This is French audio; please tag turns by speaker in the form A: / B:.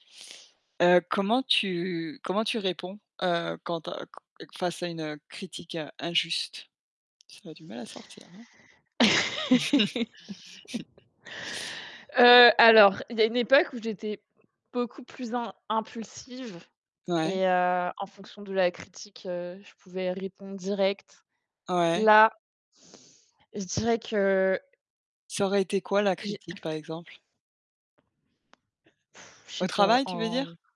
A: Heu, comment tu comment tu réponds, heu, quand a face à une, heu, critique injuste? Ça a du mal à sortir, hein.
B: Heu, alors, il y a une époque où j'étais beaucoup plus im impulsive
A: Ouais.
B: et heu, en fonction de la critique, heu, je pouvais répondre direct.
A: Ouais.
B: Là je dirais que
A: Ça aurait été quoi, la
B: j'ai
A: critique, par exemple?
B: Je sais
A: Au
B: pas,
A: travail, tu veux
B: en
A: dire?